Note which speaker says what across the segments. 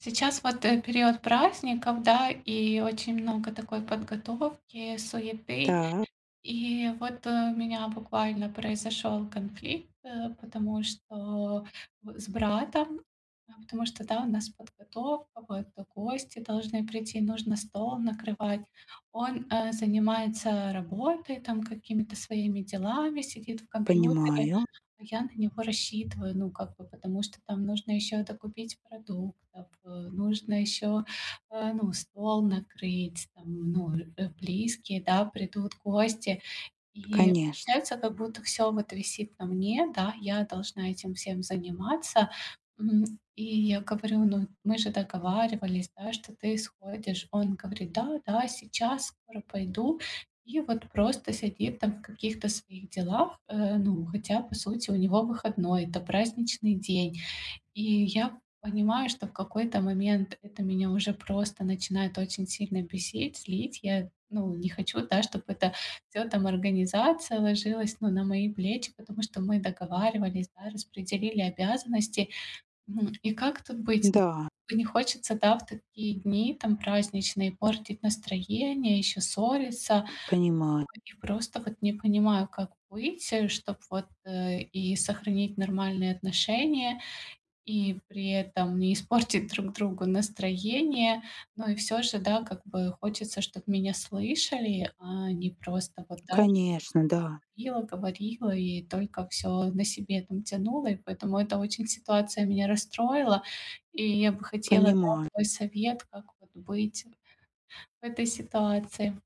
Speaker 1: Сейчас вот, э, период праздников, да, и очень много такой подготовки, суеты.
Speaker 2: Так.
Speaker 1: И вот у меня буквально произошёл конфликт, э, потому что б с братом, потому что, да, у нас подготовка, вот, э, гости должны прийти, нужно стол накрывать. Он, э, занимается работой, там, какими-то своими делами, сидит в компьютере,
Speaker 2: Понимаю.
Speaker 1: а я на него рассчитываю, ну, как бы, потому что там нужно ещё докупить продуктов, э, нужно ещё, э, ну, стол накрыть, там, ну, э, близкие, да, придут гости. И
Speaker 2: Конечно.
Speaker 1: получается, как будто всё вот висит на мне, да, я должна этим всем заниматься, м. И я говорю: "Ну, мы же договаривались, да, что ты исходишь". Он говорит: "Да, да, сейчас скоро пойду". И вот просто сидит там в каких-то своих делах, э, ну, хотя, по сути, у него выходной, это праздничный день. И я понимаю, что в какой-то момент это меня уже просто начинает очень сильно бесить, злить. Я, ну, не хочу, да, чтобы это всё, там, организация ложилась, ну, на мои плечи, потому что мы договаривались, да, распределили обязанности. Ну и как тут быть? Ну,
Speaker 2: Да.
Speaker 1: не хочется в такие дни, там, праздничные, портить настроение, ещё ссориться.
Speaker 2: Понимаю.
Speaker 1: И просто вот не понимаю, как быть, чтоб вот, э, и сохранить нормальные отношения, и при этом не испортить друг другу настроение. Ну и всё же, да, как бы хочется, чтобы меня слышали, а не просто вот да
Speaker 2: Конечно, да.
Speaker 1: говорила говорила и только всё на себе, там, тянула, и поэтому это очень ситуация меня расстроила. И я бы хотела, да,
Speaker 2: Понимаю.
Speaker 1: твой совет, как вот быть в этой ситуации.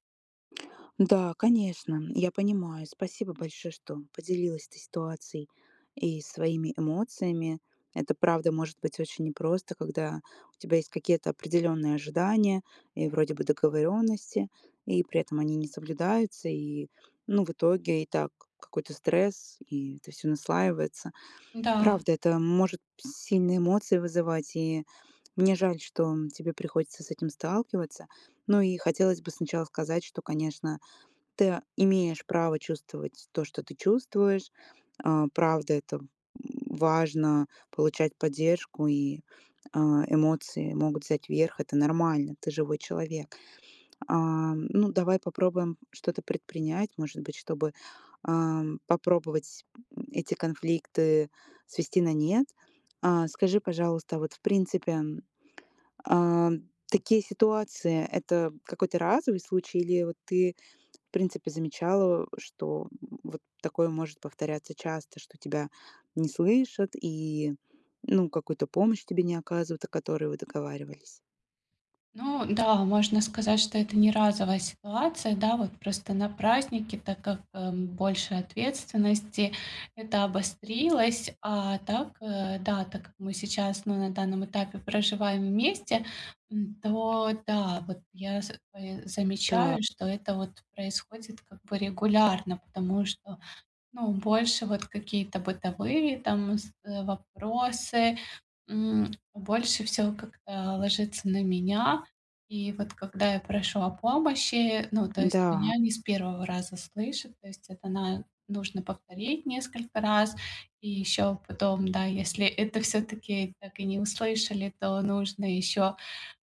Speaker 2: Да, конечно, я понимаю. Спасибо большое, что поделилась ты ситуацией и своими эмоциями. Это правда может быть очень непросто, когда у тебя есть какие-то определённые ожидания и вроде бы договорённости, и при этом они не соблюдаются, и, ну, в итоге и так какой-то стресс, и это всё наслаивается.
Speaker 1: Да.
Speaker 2: Правда, это может сильные эмоции вызывать, и мне жаль, что, м, тебе приходится с этим сталкиваться. Ну и хотелось бы сначала сказать, что, конечно, ты, э, имеешь право чувствовать то, что ты чувствуешь. Э, правда, это важно получать поддержку, и, э, эмоции могут взять верх. Это нормально. Ты живой человек. А, ну, давай попробуем что-то предпринять, может быть, чтобы, ам, попробовать, м, эти конфликты свести на нет. А, скажи, пожалуйста, вот, в принципе, а, такие ситуации- это какой-то разовый случай или вот ты, в принципе, замечала, что вот такое может повторяться часто, что тебя не слышат и, ну, какую-то помощь тебе не оказывают, о которой вы договаривались?
Speaker 1: Ну да, можно сказать, что это не разовая ситуация, да. Вот просто на праздники, так как, эм, больше ответственности, это обострилось. А так, э, да, так как мы сейчас на данном этапе проживаем вместе, м, то да, вот я за собой,
Speaker 2: Так.
Speaker 1: замечаю, что это вот происходит как бы регулярно, потому что, ну, больше вот какие-то бытовые там с э, вопросы, м, больше всего как-то ложится на меня. И вот когда я прошу о помощи, ну, то есть
Speaker 2: М-да.
Speaker 1: меня не с 1 раза слышат, то есть это на нужно повторить несколько раз, и ещё потом, да, если это всё-таки так и не услышали, то нужно ещё,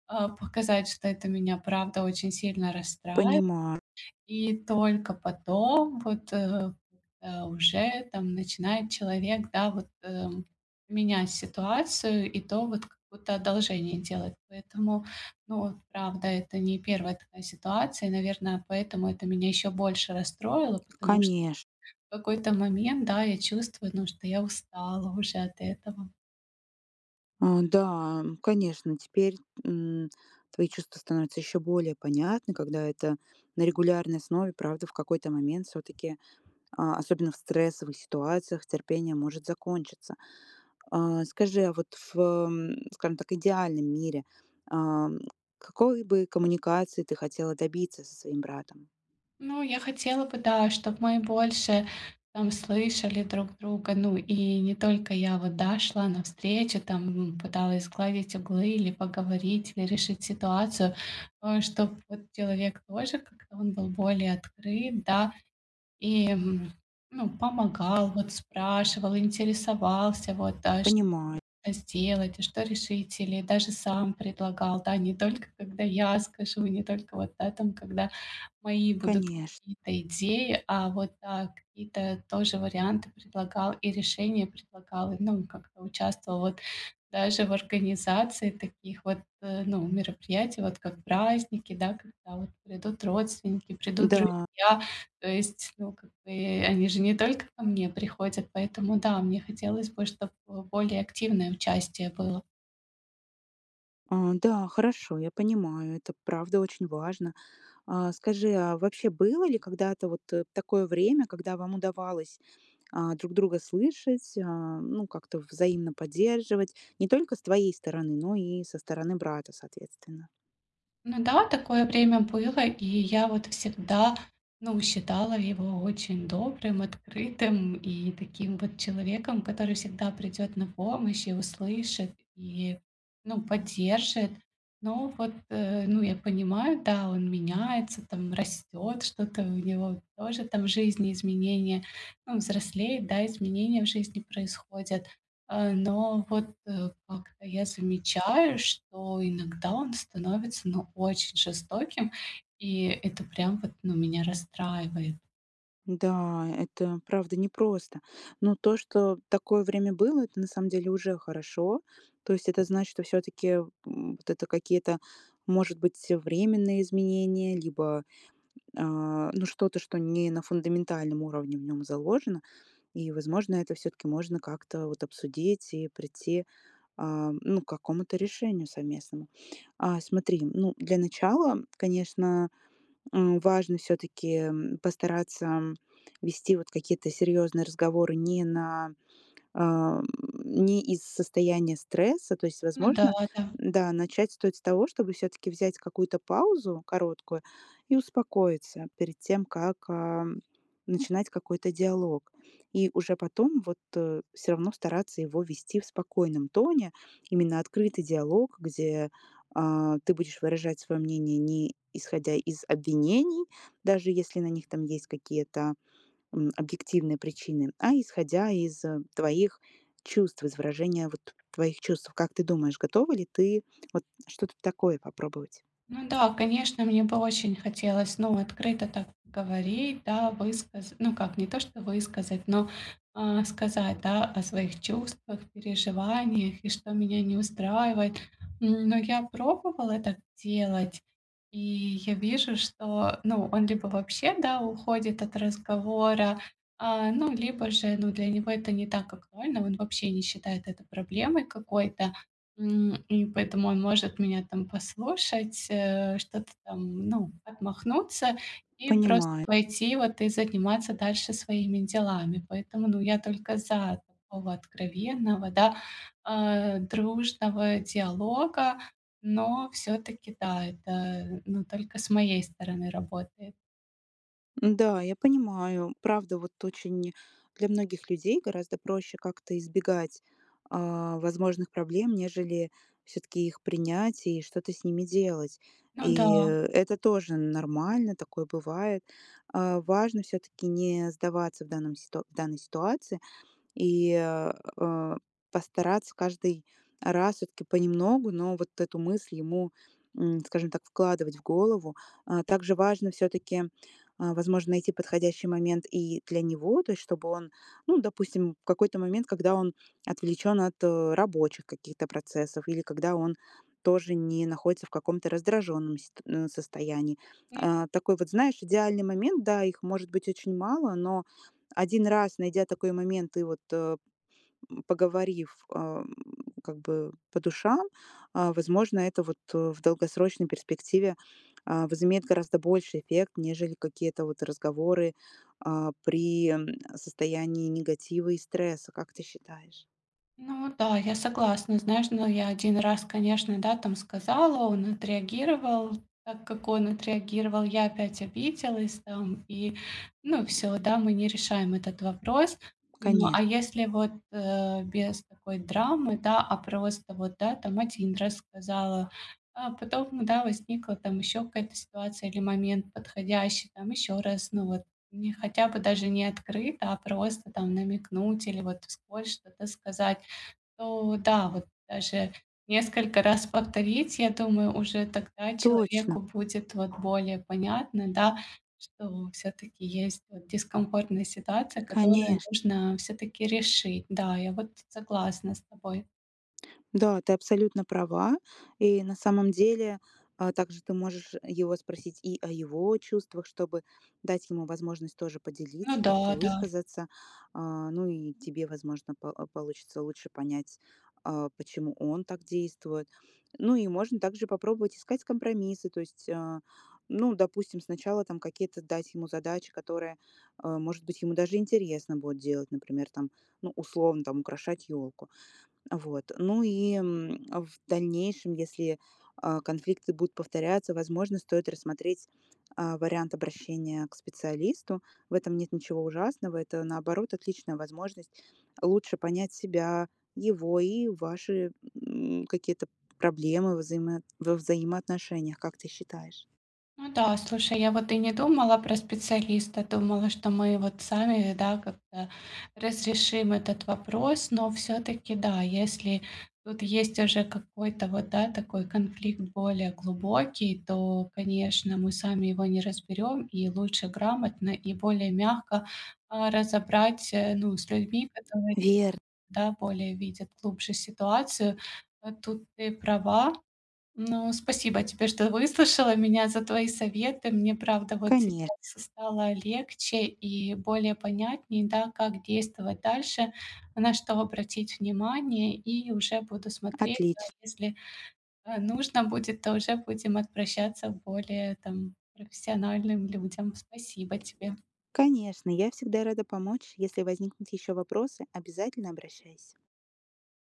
Speaker 1: а, показать, что это меня правда очень сильно расстраивает.
Speaker 2: Понимаю.
Speaker 1: И только потом вот, э, э, уже там начинает человек, да, вот, эм, менять ситуацию и то вот как будто одолжение делать. Поэтому, ну, правда, это не 1 ситуация, наверное, поэтому это меня ещё больше расстроило, потому что
Speaker 2: Конеш
Speaker 1: в какой-то момент, да, я чувствую, ну, что я устала уже от этого.
Speaker 2: А, да, м, конечно, теперь, м, твои чувства становятся ещё более понятны, когда это на регулярной основе. Правда, в какой-то момент всё-таки, а, особенно в стрессовых ситуациях, терпение может закончиться. А, скажи, а вот в м, скажем так, идеальном мире, а, м, какой бы коммуникации ты хотела добиться со своим братом?
Speaker 1: Ну, я хотела бы, да, чтобы мы больше там слышали друг друга. Ну, и не только я, вот, да, шла навстречу, там, м, пыталась сгладить углы, или поговорить, или решить ситуацию, ну и чтоб вот человек тоже как-то он был более открыт, да. И, м, ну, помогал, вот, спрашивал, интересовался, вот, да, что
Speaker 2: Понимаю.
Speaker 1: сделать, что решить, или даже сам предлагал, да. Не только когда я скажу, не только вот, да, там, когда мои будут
Speaker 2: Конеш
Speaker 1: какие-то идеи, а вот, да, какие-то тоже варианты предлагал и решения предлагал. Ну и как-то участвовал вот даже в организации таких вот, э, ну, мероприятий, вот как праздники, да, когда вот придут родственники, придут
Speaker 2: Да.
Speaker 1: друзья. То есть, ну, как бы, они же не только ко мне приходят, поэтому, да, мне хотелось бы, чтоб более активное участие было.
Speaker 2: А, да, хорошо, я понимаю, это правда очень важно. А скажи, а вообще было ли когда-то вот такое время, когда вам удавалось, а, друг друга слышать, а, ну, как-то взаимно поддерживать? Не только с твоей стороны, но и со стороны брата, соответственно?
Speaker 1: Ну да, такое время было, и я вот всегда, ну, считала его очень добрым, открытым и таким вот человеком, который всегда придёт на помощь и услышит, и, ну, поддержит. Но вот, э, ну, я понимаю, да, он меняется, там растёт что-то, у него тоже там в жизни изменения. Он взрослеет, да, изменения в жизни происходят. Э, но вот, э, как-то я замечаю, что иногда он становится, ну, очень жестоким, и это прям вот, ну, меня расстраивает.
Speaker 2: Да, это правда непросто. Но то, что такое время было, это на самом деле уже хорошо. То есть это значит, что всё-таки, м, вот это какие-то, может быть, временные изменения, либо, а, ну, что-то, что не на фундаментальном уровне в нём заложено. И, возможно, это всё-таки, можно как-то, вот обсудить и придти, а, ну, к какому-то решению совместному. А смотри, ну, для начала, конечно, м, важно всё-таки, м, постараться, м, вести вот какие-то серьёзные разговоры не на, эм, не из состояния стресса. То есть,
Speaker 1: Ну да,
Speaker 2: возможно,
Speaker 1: да.
Speaker 2: м, да, начать стоит с того, чтобы всё-таки взять какую-то паузу короткую и успокоиться перед тем, как, э, начинать какой-то диалог. И уже потом вот, э, всё равно стараться его вести в спокойном тоне. Именно открытый диалог, где, э, ты будешь выражать своё мнение не исходя из обвинений, даже если на них там есть какие-то, м, объективные причины, а исходя из твоих чувств, из выражения вот твоих чувств. Как ты думаешь, готова ли ты, вот что-то такое попробовать?
Speaker 1: Ну да, конечно, мне бы очень хотелось, ну, открыто так говорить, да, высказ ну как, не то, что высказать, но, э, сказать, да, о своих чувствах, переживаниях и что меня не устраивает. Н но я пробовала так делать, и я вижу, что, ну, он либо вообще, да, уходит от разговора, а, ну, либо же, ну, для него это не так актуально, он вообще не считает это проблемой какой-то, м, и поэтому он может меня там послушать, э, что-то там, ну, отмахнуться и просто
Speaker 2: Понимаю.
Speaker 1: пойти вот и заниматься дальше своими делами. Поэтому, ну, я только за такого откровенного, да, э, дружного диалога, но всё-таки, да, это, ну, только с моей стороны работает.
Speaker 2: М, да, я понимаю. Правда, вот очень для многих людей гораздо проще как-то избегать, а, возможных проблем, нежели всё-таки их принять и что-то с ними делать.
Speaker 1: Ну
Speaker 2: И
Speaker 1: да.
Speaker 2: это тоже нормально. Такое бывает. А важно все-таки не сдаваться в данном в данной ситуации и, э, постараться каждый раз все-таки понемногу, но вот эту мысль ему, м, скажем так, вкладывать в голову. А также важно все-таки, а возможно, найти подходящий момент и для него, то есть чтобы он, ну допустим, в какой-то момент, когда он отвлечён от, э, рабочих каких-то процессов или когда он тоже не находится в каком-то раздражённом ст м, состоянии.
Speaker 1: Мгм.
Speaker 2: А такой вот, знаешь, идеальный момент. Да, их может быть очень мало, но 1 раз, найдя такой момент и вот, э, поговорив, а, как бы, по душам, а, возможно, это вот в долгосрочной перспективе, а, возымеет гораздо больший эффект, нежели какие-то вот разговоры, а, при, э, состоянии негатива и стресса, как ты считаешь?
Speaker 1: Ну да, я согласна. Знаешь, но я 1 раз, конечно, да там сказала, он отреагировал. Так как он отреагировал, я опять обиделась там и ну всё, да мы не решаем этот вопрос. Ну
Speaker 2: Коне
Speaker 1: а если вот, э, без такой драмы, да, а просто вот, да там 1 раз сказала, а потом да возникла там ещё какая-то ситуация или момент подходящий. Там ещё раз, ну вот мне хотя бы даже не открыто, а просто там намекнуть или вот вскользь что-то сказать, то да, вот даже несколько раз повторить. Я думаю, уже тогда
Speaker 2: Точно.
Speaker 1: человеку будет, вот, более понятно, да, что ну все-таки есть, э, дискомфортная ситуация, которую
Speaker 2: Конеч
Speaker 1: нужно, э, все-таки решить. Да, я вот согласна с тобой.
Speaker 2: Да, ты абсолютно права. И на самом деле, а, также ты можешь его спросить и о его чувствах, чтобы дать ему возможность тоже
Speaker 1: Ну
Speaker 2: поделиться, как-то
Speaker 1: да, да.
Speaker 2: высказаться. А, ну и тебе, возможно, по а, получится лучше понять, а, почему он так действует. Ну и можно также попробовать искать компромиссы. То есть, а, ну, допустим, сначала там какие-то дать ему задачи, которые, а, может быть, ему даже интересно будет делать. Например, там, ну, условно, там украшать елку. Вот. Ну и, м, в дальнейшем, если, а, конфликты будут повторяться, возможно, стоит рассмотреть, а, вариант обращения к специалисту. В этом нет ничего ужасного. Это, наоборот, отличная возможность лучше понять себя, его, и ваши, м, какие-то п проблемы во взаимо во взаимоотношениях, как ты считаешь?
Speaker 1: Ну да, слушай, я вот и не думала про специалиста, думала, что мы вот сами, э, да, как-то разрешим этот вопрос. Но все-таки да, если тут есть уже какой-то, вот да, такой конфликт более глубокий, то, конечно, мы сами его не разберём, и лучше грамотно и более мягко, а, разобрать, э, ну, с людьми, которые,
Speaker 2: Вер
Speaker 1: да, более видят глубже ситуацию. Вот тут ты права. Ну спасибо тебе, что выслушала меня, за твои советы. Мне, правда, вот
Speaker 2: Коне
Speaker 1: сейчас стало легче и более понятней, да, как действовать дальше, на что обратить внимание, и уже буду смотреть, да
Speaker 2: Отлич
Speaker 1: если, э, нужно будет, то уже будем обращаться к более там профессиональным людям. Спасибо тебе.
Speaker 2: Конечно, я всегда рада помочь. Если возникнут еще вопросы, обязательно обращайся.